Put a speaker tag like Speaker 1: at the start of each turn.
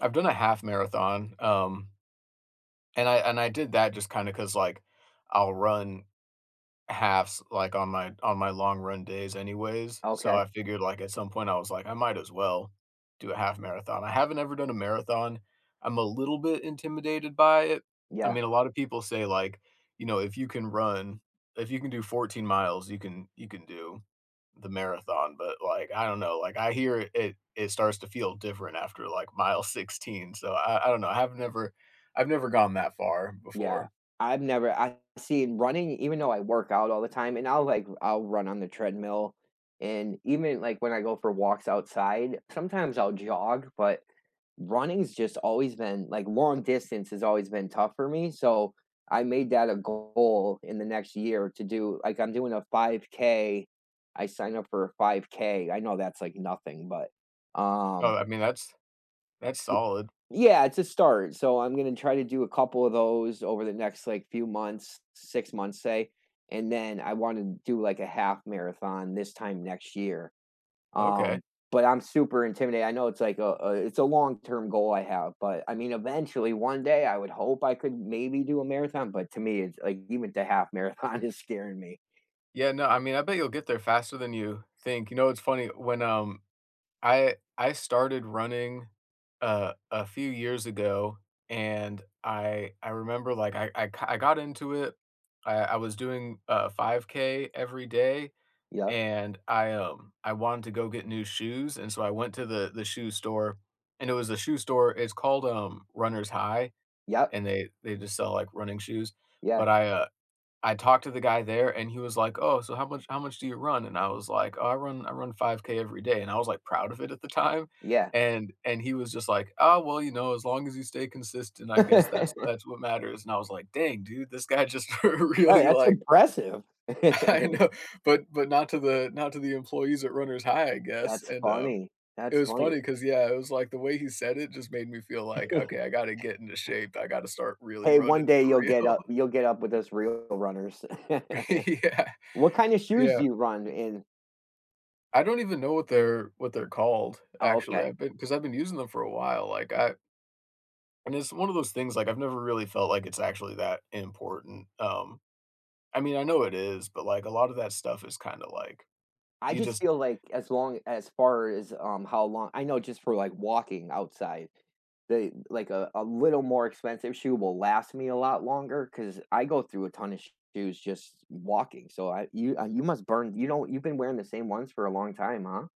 Speaker 1: I've done a half marathon, um, and I and I did that just kinda 'cause, like, I'll run halves, like, on my on my long run days anyways, so
Speaker 2: Okay.
Speaker 1: I figured, like, at some point I was like, "I might as well do a half marathon," I haven't ever done a marathon, I'm a little bit intimidated by it, I
Speaker 2: Yeah.
Speaker 1: mean, a lot of people say, like, you know, "If you can run if you can do 14 miles, you can you can do the marathon," but like, I don't know, like I hear it it starts to feel different after, like, mile 16, so I I don't know, I've never I've never gone that far
Speaker 2: Yeah,
Speaker 1: before.
Speaker 2: I've never I've seen running even though I work out all the time, and I'll, like, I'll run on the treadmill, and even, like, when I go for walks outside, sometimes I'll jog, but, runnings just always been like, long distance has always been tough for me, so, I made that a goal in the next year to do like I'm doing a 5K, I signed up for a 5K, I know that's, like, nothing, but
Speaker 1: Oh,
Speaker 2: um
Speaker 1: I mean, that's that's
Speaker 2: [unintelligible]
Speaker 1: solid.
Speaker 2: Yeah, it's a start, so I'm gonna try to do a couple of those over the next, like, few months, 6 months, say, and then I wanna do, like, a half marathon this time next year,
Speaker 1: Okay.
Speaker 2: um, but I'm super intimidated, I know it's like a, uh, it's a long-term goal I have, but I mean, eventually, one day, I would hope I could maybe do a marathon, but to me, it's like, even the half marathon is scaring me.
Speaker 1: Yeah, no, I mean, I bet you'll get there faster than you think, you know, it's funny, when, um, I I started running, uh, a few years ago, and I I remember like, I I I ki I got into it. I I was doing a 5K every day,
Speaker 2: Yup.
Speaker 1: and I, um, I wanted to go get new shoes, and so I went to the the shoe store, and it was a shoe store, it's called, um, Runner's High,
Speaker 2: Yup.
Speaker 1: and they they just sell, like, running shoes, but
Speaker 2: Yeah.
Speaker 1: I, uh, I talked to the guy there, and he was like, "Oh, so how much how much do you run," and I was like, "I run I run 5K every day," and I was, like, proud of it at the time,
Speaker 2: Yeah.
Speaker 1: and and he was just like, "Oh well, you know, as long as you stay consistent, I guess that's that's what matters," and I was like, "Dang, dude, this guy just
Speaker 2: Right,
Speaker 1: really
Speaker 2: that's
Speaker 1: like"
Speaker 2: impressive.
Speaker 1: I know, but but not to the not to the employees at Runners High, I guess,
Speaker 2: That's
Speaker 1: and um,
Speaker 2: funny,
Speaker 1: it
Speaker 2: that's
Speaker 1: was
Speaker 2: funny.
Speaker 1: funny 'cause yeah, it was like the way he said it just made me feel like, "Okay, I gotta
Speaker 2: E
Speaker 1: get into shape, I gotta start really
Speaker 2: Hey, one
Speaker 1: running
Speaker 2: day
Speaker 1: for
Speaker 2: you'll get
Speaker 1: real."
Speaker 2: up you'll get up with those real runners.
Speaker 1: Yeah,
Speaker 2: What kind of shoes
Speaker 1: Yeah.
Speaker 2: do you run in?
Speaker 1: I don't even know what they're what they're called,
Speaker 2: Oh,
Speaker 1: actually,
Speaker 2: okay.
Speaker 1: I've been 'cause I've been using them for a while, like, I And it's one of those things, like, I've never really felt like it's actually that important, um, I mean, I know it is, but, like, a lot of that stuff is kinda, like,
Speaker 2: I
Speaker 1: you
Speaker 2: just
Speaker 1: just
Speaker 2: feel like as long as far as, um, how long I know just for, like, walking outside, the like a a little more expensive shoe will last me a lot longer 'cause I go through a ton of shoes just walking, so I you, uh, you must burn you know, you've been wearing the same ones for a long time, huh?